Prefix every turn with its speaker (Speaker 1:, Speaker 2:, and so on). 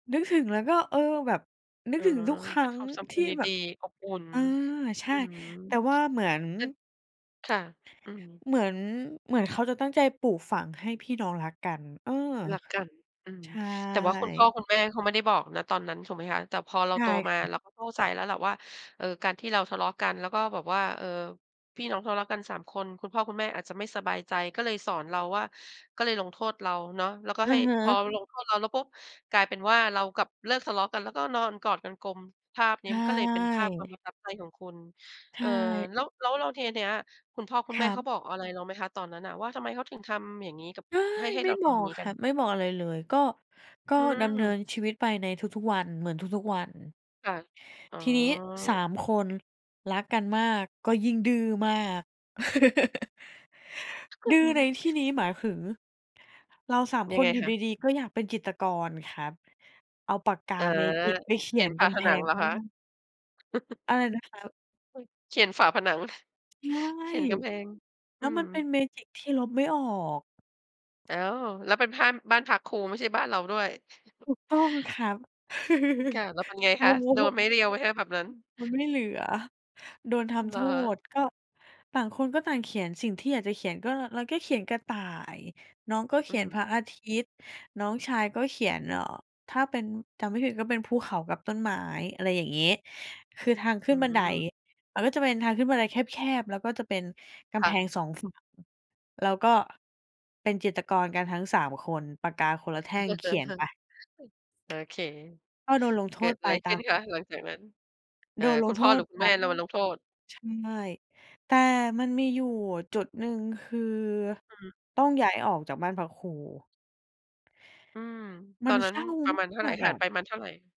Speaker 1: นึกถึงแล้วก็ เออ แบบนึ
Speaker 2: อ
Speaker 1: ก
Speaker 2: ๋อ
Speaker 1: ถึงทุกคร
Speaker 2: เป
Speaker 1: ั
Speaker 2: ็
Speaker 1: ้
Speaker 2: น
Speaker 1: ง
Speaker 2: ความทรง
Speaker 1: ที่
Speaker 2: ด
Speaker 1: แบ
Speaker 2: ี
Speaker 1: บ
Speaker 2: ๆ อบอุ่น
Speaker 1: เออ ใช
Speaker 2: อื
Speaker 1: ่
Speaker 2: ม
Speaker 1: แต่ว่าเหมือน
Speaker 2: เป็น ค่ะ อืม
Speaker 1: เหมือน เหมือนเขาจะตั้งใจปลูกฝังให้พี่น้องรักกัน เออ
Speaker 2: รักกัน อืม
Speaker 1: ใช
Speaker 2: แต่ว่าคุณพ่
Speaker 1: ่
Speaker 2: อคุณแม่เขาไม่ได้บอก ณ ตอนนั้นถูกไหมคะ? แต่พอเรา
Speaker 1: ใช่
Speaker 2: โตมา
Speaker 1: ค่ะ
Speaker 2: เราเข้าใจแล้วล่ะว่า เออ การที่เราทะเลาะกันแล้วก็แบบว่า เออ พี่น้องทะเลาะกัน 3 คน คุณพ่อคุณแม่อาจจะไม่สบายใจ ก็เลยสอนเราว่า ก็เลยลงโทษเราเนาะ แล้วก็
Speaker 1: อ
Speaker 2: ใ
Speaker 1: ะ
Speaker 2: ห้
Speaker 1: ฮ
Speaker 2: พอ
Speaker 1: ะ
Speaker 2: ลงโทษเราแล้ว ปุ๊บ กลายเป็นว่าเรากลับเลิกทะเลาะกัน แล้วก็นอนกอดกันกลม ภาพนี
Speaker 1: ใ
Speaker 2: ้
Speaker 1: ช
Speaker 2: มันก็เลยเป็นภาพความ
Speaker 1: ่
Speaker 2: ประทับใจของคุณ
Speaker 1: ใช
Speaker 2: เอ่อ
Speaker 1: ่
Speaker 2: แล้ว แล้ว แล้วทีเนี้ย คุณพ่อคุ
Speaker 1: ค
Speaker 2: ณแม
Speaker 1: ร
Speaker 2: ่
Speaker 1: ั
Speaker 2: เขา
Speaker 1: บ
Speaker 2: บอกอะไรเราไหมคะตอนนั้นน่ะว่า ทำไมเขาถึงทำอย่างนี้กับ
Speaker 1: ใช่
Speaker 2: ให้ ให้
Speaker 1: ไม
Speaker 2: เร
Speaker 1: ่
Speaker 2: าท
Speaker 1: บอ
Speaker 2: ำ
Speaker 1: ก
Speaker 2: งี้
Speaker 1: ค
Speaker 2: กั
Speaker 1: รั
Speaker 2: น?
Speaker 1: บ ไม่บอกอะไรเลย ก็ ก็
Speaker 2: อื
Speaker 1: ดำเนิ
Speaker 2: อ
Speaker 1: นชีวิตไปในทุก ๆ วัน เหมือนทุก ๆ วัน
Speaker 2: ค่ะ อ๋อ
Speaker 1: ทีนี้ 3 คน รักกันมาก ก็ยิ่งดื้อมาก ดื้อในที่นี้หมายถึง เรา 3
Speaker 2: ยั
Speaker 1: ค
Speaker 2: งไ
Speaker 1: น
Speaker 2: ง
Speaker 1: อยู่
Speaker 2: คะ?
Speaker 1: ดี ๆ ก็อยากเป็นจิตรกรครับ เอาปากกา
Speaker 2: อา
Speaker 1: แมจิกไปเข
Speaker 2: เข
Speaker 1: ี
Speaker 2: ี
Speaker 1: ย
Speaker 2: ยน
Speaker 1: น
Speaker 2: ฝ
Speaker 1: ก
Speaker 2: าผ
Speaker 1: ำแพ
Speaker 2: นัง
Speaker 1: ง
Speaker 2: เหรอ
Speaker 1: ห้
Speaker 2: ค
Speaker 1: อ
Speaker 2: ะ?
Speaker 1: ง อะไรนะครับ?
Speaker 2: อุ๊ย เคยเขียนฝาผนัง
Speaker 1: ใช่
Speaker 2: เขียนกำแพง
Speaker 1: แ
Speaker 2: อ
Speaker 1: ล
Speaker 2: ื
Speaker 1: ้วม
Speaker 2: ม
Speaker 1: ันเป็นแมจิกที่ลบไม่ออก
Speaker 2: อ้าว แล้วเป็นพ่าน บ้านพักครูไม่ใช่บ้านเราด้วย
Speaker 1: ถูกต้องครับ
Speaker 2: อือ ค่ะ แล้วเป็นไง
Speaker 1: โด
Speaker 2: คะ? โดนไม้
Speaker 1: น
Speaker 2: เรียวไหมคะแบบนั้น?
Speaker 1: มันไม่เหลือโดนท
Speaker 2: เ
Speaker 1: ำ
Speaker 2: ห
Speaker 1: โ
Speaker 2: ร
Speaker 1: ท
Speaker 2: อ?
Speaker 1: ษ ก็ต่างคนก็ต่างเขียนสิ่งที่อยากจะเขียน ก็เราก็เขียนกระต่าย น้องก็เ
Speaker 2: อ
Speaker 1: ข
Speaker 2: ื
Speaker 1: ียนพ
Speaker 2: ม
Speaker 1: ระอาทิตย์ น้องชายก็เขียน เอ่อ ถ้าเป็น จำไม่ผิดก็เป็นภูเขากับต้นไม้ อะไรอย่างงี้ คือทางขึ
Speaker 2: อื
Speaker 1: ้นบันได
Speaker 2: ม
Speaker 1: มันก็จะเป็นทางขึ้นบันไดแคบ ๆ แล้วก็จะเป็นก
Speaker 2: ค
Speaker 1: ำ
Speaker 2: ่
Speaker 1: แพง
Speaker 2: ะ
Speaker 1: 2 ฝั่ง เราก็เป็นจิตรกรกันทั้ง 3 คน ปากกาคนละแท่งเขียนไป
Speaker 2: โอเค
Speaker 1: ก็โดนลงโท
Speaker 2: เกิ
Speaker 1: ษ
Speaker 2: ดอ
Speaker 1: ไป
Speaker 2: ะไร
Speaker 1: ต
Speaker 2: ข
Speaker 1: า
Speaker 2: ึ้
Speaker 1: ม
Speaker 2: นคะ?
Speaker 1: อ
Speaker 2: หลังจากนั้น อ่
Speaker 1: โด
Speaker 2: า
Speaker 1: นล
Speaker 2: คุ
Speaker 1: ง
Speaker 2: ณ
Speaker 1: โท
Speaker 2: พ่อหร
Speaker 1: ษ
Speaker 2: ือคุณ
Speaker 1: แบ
Speaker 2: แม่
Speaker 1: บ
Speaker 2: เราลงโทษ?
Speaker 1: ใช่ แต่มันมีอยู่จุดหนึ่ง คือ
Speaker 2: อืม
Speaker 1: ต้องย้ายออกจากบ้านพักครู
Speaker 2: อืม
Speaker 1: ม
Speaker 2: ต
Speaker 1: ั
Speaker 2: อ
Speaker 1: น
Speaker 2: นนั
Speaker 1: เ
Speaker 2: ้
Speaker 1: ศ
Speaker 2: น
Speaker 1: ร้า
Speaker 2: ประมาณเท่าไ
Speaker 1: ม
Speaker 2: หร
Speaker 1: า
Speaker 2: ่
Speaker 1: ก ๆ
Speaker 2: ห
Speaker 1: อ
Speaker 2: ่าง
Speaker 1: ะ
Speaker 2: ไปประมาณเท่าไหร่?